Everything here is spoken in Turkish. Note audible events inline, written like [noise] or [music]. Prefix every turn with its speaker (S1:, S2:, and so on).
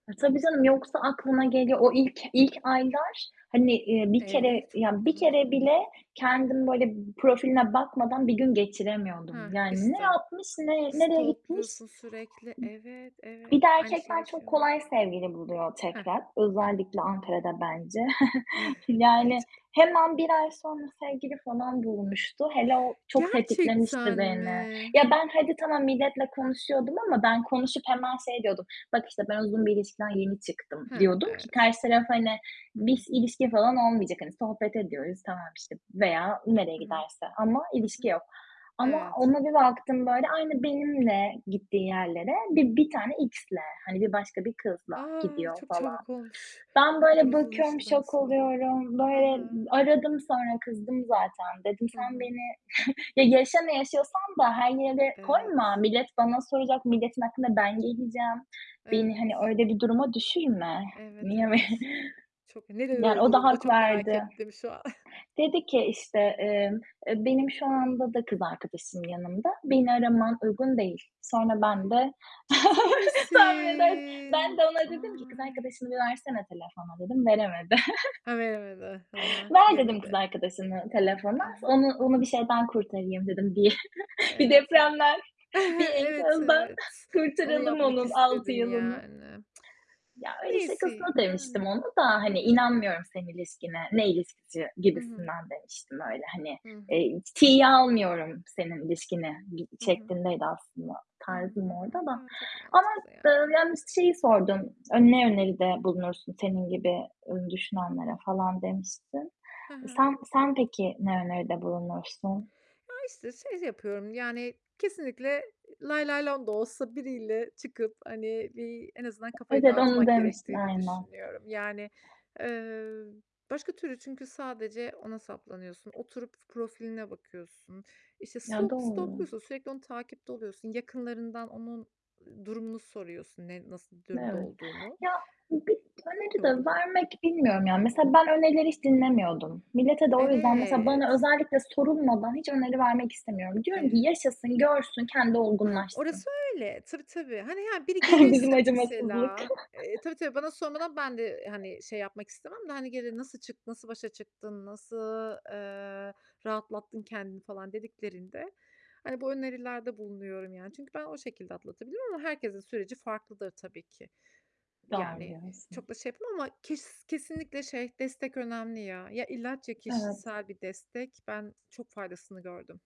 S1: A, tabii canım, yoksa aklına geliyor. O ilk ilk aylar, hani, eee, bir kere
S2: Evet, ç o
S1: ya bir
S2: kadar
S1: kere
S2: zor ki.
S1: bile kendim böyle profiline bakmadan bir gün geçiremiyordum.
S2: Hah,
S1: Yani ne
S2: işte
S1: yapmış, ne nereye gitmiş?
S2: stalk'luyorsun sürekli. Evet,
S1: Bir
S2: evet,
S1: de
S2: aynı şeyi
S1: erkekler çok
S2: yaşıyor mu?
S1: kolay sevgili buluyor
S2: Hah,
S1: tekrar,
S2: hıh.
S1: özellikle Ankara'da bence. [chuckles]
S2: [chuckles]
S1: Yani
S2: Bence de.
S1: hemen 1 ay sonra sevgili falan bulmuştu, hele o çok tetiklemişti
S2: Gerçekten
S1: beni.
S2: mi?
S1: Ya, ben hadi, tamam, milletle konuşuyordum ama ben konuşup hemen şey diyordum, bak, işte, "Ben uzun bir ilişkiden yeni çıktım."
S2: He,
S1: diyordum ki
S2: evet.
S1: karşı taraf, hani
S2: Hı
S1: biz
S2: hı.
S1: ilişki falan olmayacak hani sohbet ediyoruz. Tamam, işte, veya nereye
S2: Hı hı.
S1: giderse ama
S2: Hı
S1: ilişki
S2: hı.
S1: yok ama
S2: Evet.
S1: ona bir baktım, böyle aynı benimle gittiği yerlere bir bir tane X'le, hani, bir başka bir kızla
S2: A!
S1: gidiyor
S2: Çok
S1: falan.
S2: çabuk olmuş
S1: Ben
S2: bu kadar
S1: böyle
S2: uzun
S1: bakıyorum,
S2: ilişkiden
S1: şok
S2: sonra.
S1: oluyorum,
S2: I
S1: böyle,
S2: hı.
S1: aradım sonra kızdım zaten. Dedim,
S2: Hı
S1: "Sen
S2: hı.
S1: beni [chuckles] Ya, yaşa ne yaşıyorsan da her yere koyma,
S2: Evet.
S1: millet bana soracak, milletin aklına ben geleceğim, beni hani
S2: Evet.
S1: öyle bir duruma düşürme.
S2: Evet,
S1: Niye?
S2: evet. Çok
S1: [chuckles]
S2: Ne
S1: [unintelligible]
S2: dedi
S1: Yani
S2: o
S1: o da
S2: durumda?
S1: hak
S2: Çok merak
S1: verdi.
S2: ettim şu an. [chuckles]
S1: Dedi ki, işte, emm, "E, benim şu anda da kız arkadaşım yanımda, beni araman uygun değil." Sonra ben de
S2: Ciddi
S1: [chuckles] tahmin edersin, ben
S2: misin?
S1: de ona dedim ki "Kız
S2: Ay!
S1: arkadaşını bir versene telefona." dedim, veremedi.
S2: He, veremedi, hı hı,
S1: [chuckles] "Ver" dedim, "kız
S2: yemedi.
S1: arkadaşını
S2: I
S1: telefona,
S2: hı.
S1: onu
S2: I
S1: onu bir
S2: hı.
S1: şeyden kurtarayım." dedim. Bi bir
S2: Evet, evet.
S1: depremden, bir
S2: [chuckles] Evet,
S1: enkazdan
S2: evet. Onu
S1: kurtaralım
S2: yapmak
S1: onun 6
S2: istedin
S1: yılını.
S2: yani. [tsk]
S1: Ya, öyle, şakasına
S2: Neyse,
S1: demiştim
S2: yani.
S1: onu da,
S2: Hı
S1: hani,
S2: hı.
S1: inanmıyorum senin ilişkine, ne ilişkisi
S2: Hı hı.
S1: gibisinden demiştim, öyle hani,
S2: Hı hı.
S1: eee, t tiye almıyorum senin ilişkini bir
S2: Hı hı.
S1: şeklindeydi aslında,
S2: Hı hı,
S1: tarzım
S2: hı
S1: orada
S2: hı.
S1: da
S2: Ya, çok
S1: ama,
S2: mantıklı
S1: eee,
S2: yani.
S1: yalnız ş şeyi sordun, "A, ne öneride bulunursun senin gibi, eee, düşünenlere?" falan demiştin.
S2: He he.
S1: Sen sen peki ne öneride bulunursun?
S2: Ya, işte, şey yapıyorum, yani kesinlikle lay lay lom da olsa biriyle çıkıp, hani, bir en azından kafayı
S1: Evet, onu
S2: dağıtmak
S1: demiştin
S2: gerektiğini
S1: aynen.
S2: düşünüyorum. Yani, eee, başka türlü çünkü sadece ona saplanıyorsun, oturup profiline bakıyorsun, işte,
S1: Ya,
S2: stalk
S1: doğru.
S2: stalk'luyorsun, sürekli onu takipte oluyorsun, yakınlarından onun, ııı, durumunu soruyorsun ne, nasıl bir durumda
S1: Evet.
S2: olduğunu.
S1: Ya, bir öneri de
S2: Bilmiyorum.
S1: vermek, bilmiyorum, ya, mesela, ben önerileri hiç dinlemiyordum. Millete de o yüzden mesela bana
S2: Evet.
S1: özellikle sorulmadan hiç öneri vermek istemiyorum. Diyorum ki
S2: Evet.
S1: "Yaşasın, görsün, kendi
S2: Hah,
S1: olgunlaşsın."
S2: orası öyle. Tabii, tabii, hani, he, biri
S1: [chuckles] Bizim
S2: gelirse
S1: acımasızlık.
S2: mesela, eee, tabii, tabii bana sormadan ben de, eee,
S1: [chuckles]
S2: hani, şey, yapmak istemem de hani gelir, "Nasıl çık nasıl başa çıktın? Nasıl, eee, rahatlattın kendini?" falan dediklerinde, hani, bu önerilerde bulunuyorum yani. Çünkü ben o şekilde atlatabilirim ama herkesin süreci farklıdır tabii ki.
S1: Doğru
S2: Yani
S1: diyorsun.
S2: çok da şey yapmam ama kes kesinlikle, şey, destek önemli ya, ya ilaç ya
S1: Evet.
S2: kişisel bir destek. Ben çok faydasını gördüm.